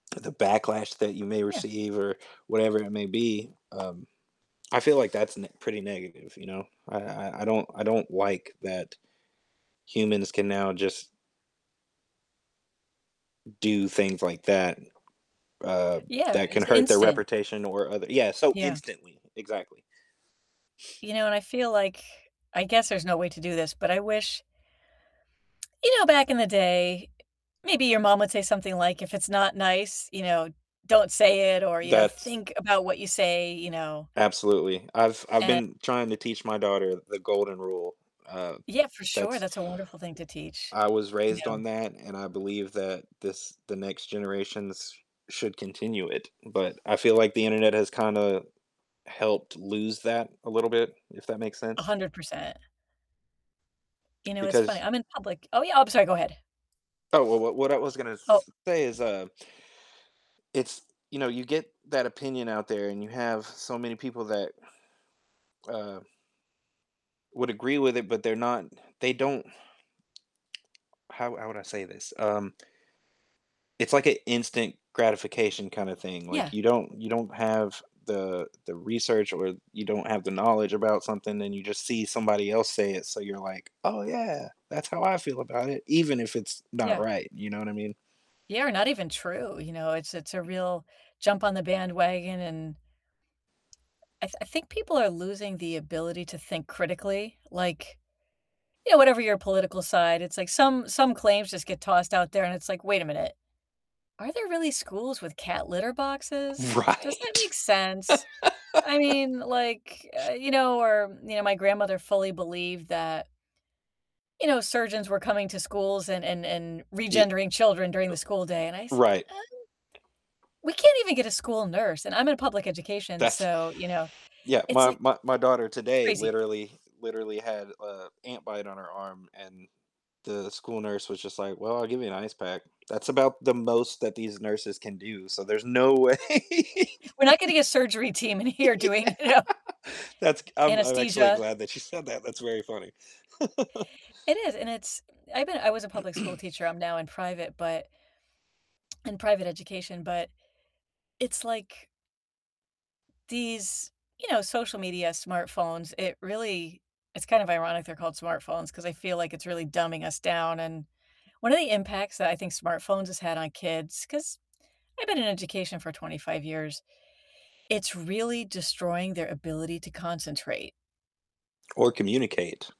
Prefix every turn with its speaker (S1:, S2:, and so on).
S1: Th the backlash that you may
S2: Yeah.
S1: receive or whatever it may be, um, I feel like that's n pretty negative, you know? I I I don't I don't like that humans can now, just do things like that, uh,
S2: Yeah,
S1: that
S2: and
S1: can
S2: it's
S1: hurt their
S2: instant.
S1: reputation or other Yeah, so
S2: Yeah.
S1: instantly, exactly.
S2: You know, and I feel like I guess there's no way to do this, but I wish you know back in the day, maybe your mom would say something like, "If it's not nice, you know, don't say it," or, you know,
S1: That's
S2: "Think about what you say," you know,
S1: Absolutely. I've I've
S2: an
S1: been trying to teach my daughter the golden rule. Uh,
S2: Yeah, for sure,
S1: that's
S2: that's a wonderful thing to teach,
S1: I was
S2: you
S1: raised on
S2: know?
S1: that, and I believe that this the next generations should continue it, but I feel, like, the internet has, kinda, helped lose that a little bit, if that makes
S2: a
S1: sense
S2: hundred percent. You know, it's funny,
S1: because
S2: I'm in public oh, yeah, I'm sorry, go ahead.
S1: Oh, well, what what I was gonna
S2: Oh
S1: s say is, uh, it's you know, you get that opinion out there and you have so many people that uh would agree with it, but they're not they don't how how would I say this, um it's, like, a instant gratification, kinda, thing. Like,
S2: Yeah.
S1: you don't you don't have the the research, or you don't have the knowledge about something, and you just see somebody else say it, so you're like, "Oh yeah, that's how I feel about it," even if it's not
S2: Yeah.
S1: right, you know what I mean?
S2: Yeah, or not even true, you know? It's it's a real jump on the bandwagon and I th I think people are losing the ability to think critically. Like, you know, whatever your political side, it's, like, some some claims, just, get tossed out there and it's like, "Wait a minute, are there really schools with cat litter boxes? Does that
S1: Right.
S2: make sense?" I mean, like, uh, you know, or you know, my grandmother fully believed that, you know, surgeons were coming to schools and and and
S1: Y
S2: regendering children during the school day, and I
S1: r
S2: said,
S1: r right.
S2: "Um, we can't even get a school nurse," and I'm in public education,
S1: That's
S2: so, you know,
S1: yeah,
S2: it's,
S1: my
S2: like
S1: my my daughter today
S2: crazy.
S1: literally literally had a ant bite on her arm, and the school nurse was, just, like, "Well, I'll give you an ice pack," that's about the most that these nurses can do, so there's no way
S2: We're not getting a surgery team in
S1: yeah.
S2: here doing you know
S1: That's I'm I'm actually
S2: anesthesia.
S1: glad that you said that, that's very funny.
S2: It is, and it's I've been I was a public school teacher, I'm now in private, but in private education, but it's, like these, you know, social media, smartphones, it really it's, kind of, ironic they're called smartphones 'cause I feel like it's really dumbing us down, and one of the impacts that I think smartphones has had on kids 'cause I've been in education for 25 years, it's really destroying their ability to concentrate.
S1: Or communicate.